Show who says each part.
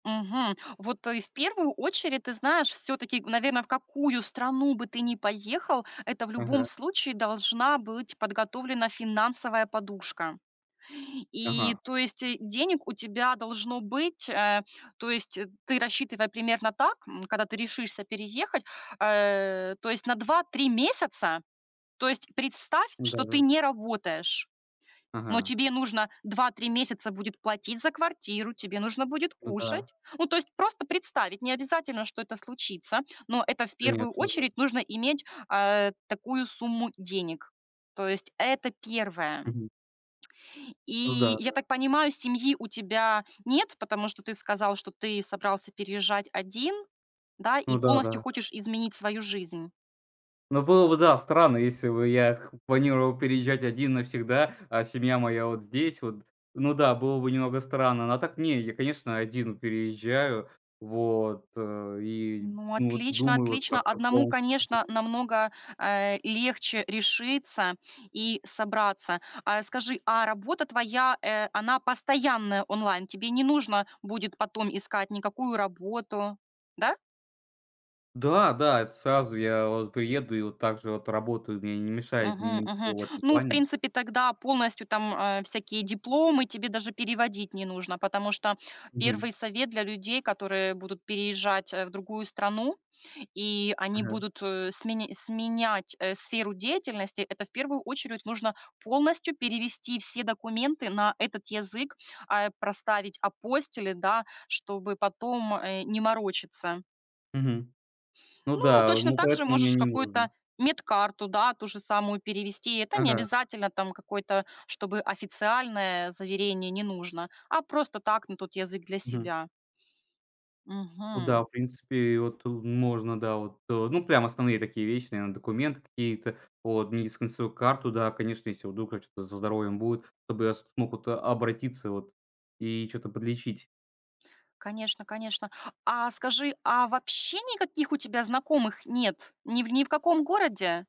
Speaker 1: Мгм. Вот, э, в первую очередь, ты знаешь, все-таки, наверно, в какую страну бы ты ни поехал, это в любом
Speaker 2: Ага.
Speaker 1: случае должна быть подготовлена финансовая подушка. И,
Speaker 2: Ага.
Speaker 1: то есть, э, денег у тебя должно быть, э То есть, э, ты рассчитывай примерно так, м, когда ты решишься переехать, а, то есть на 2-3 месяца. То есть представь,
Speaker 2: М, да,
Speaker 1: что ты
Speaker 2: да.
Speaker 1: не работаешь, но
Speaker 2: Ага.
Speaker 1: тебе нужно 2-3 месяца будет платить за квартиру, тебе нужно будет
Speaker 2: Ну да.
Speaker 1: кушать. Ну, то есть просто представить, не обязательно, что это случится, но это в первую
Speaker 2: Конечно, да.
Speaker 1: очередь нужно иметь, э, такую сумму денег. То есть это первое.
Speaker 2: Мгм. Ну да,
Speaker 1: И я
Speaker 2: да.
Speaker 1: так понимаю, семьи у тебя нет, потому что ты сказал, что ты собрался переезжать один, да? И
Speaker 2: Ну да,
Speaker 1: полностью
Speaker 2: да.
Speaker 1: хочешь изменить свою жизнь.
Speaker 2: Ну было бы, да, странно, если бы я к планировал переезжать один навсегда, а семья моя вот здесь вот. Ну да, было бы немного странно. Но так не, я, конечно, один переезжаю. Вот, э, и,
Speaker 1: Ну
Speaker 2: ну, вот
Speaker 1: отлично,
Speaker 2: думаю, вот
Speaker 1: отлично.
Speaker 2: как-то
Speaker 1: Одному,
Speaker 2: полностью.
Speaker 1: конечно,
Speaker 2: [unintelligible]
Speaker 1: намного, а, легче решиться и собраться. А скажи, а работа твоя, э, она постоянная онлайн, тебе не нужно будет потом искать никакую работу, да?
Speaker 2: Да, да, это сразу, я вот приеду и вот также вот работаю. Мне не мешает
Speaker 1: Мгм, мгм.
Speaker 2: ничего в этом
Speaker 1: Ну, в
Speaker 2: плане.
Speaker 1: принципе, тогда полностью там, э, всякие дипломы тебе даже переводить не нужно. Потому что 1
Speaker 2: Мгм.
Speaker 1: совет для людей, которые будут переезжать, э, в другую страну и они
Speaker 2: Ага.
Speaker 1: будут, э, смен сменять, э, сферу деятельности, это, в первую очередь, нужно полностью перевести все документы на этот язык, а, проставить апостили, да, чтобы потом, э, не морочиться.
Speaker 2: Мгм. Ну
Speaker 1: Ну,
Speaker 2: да.
Speaker 1: точно
Speaker 2: Ну,
Speaker 1: так же
Speaker 2: поэтому мне
Speaker 1: можешь
Speaker 2: не нужно.
Speaker 1: какую-то медкарту, да, ту же самую перевести. Это не
Speaker 2: Ага.
Speaker 1: обязательно там какое-то, чтобы официальное заверение не нужно, а просто так, на тот язык, для
Speaker 2: Мгм.
Speaker 1: себя.
Speaker 2: Ну
Speaker 1: Мгм.
Speaker 2: да, в принципе, вот, э, можно, да. Вот, э, ну, прям основные такие вещи, наверно, документы какие-то, вот медицинскую карту, да, конечно. Если вдруг там что-то со здоровьем будет, чтобы я смог вот обратиться, вот, и чё-то подлечить.
Speaker 1: Конечно, конечно. А скажи, а вообще никаких у тебя знакомых нет? Ни в ни в каком городе?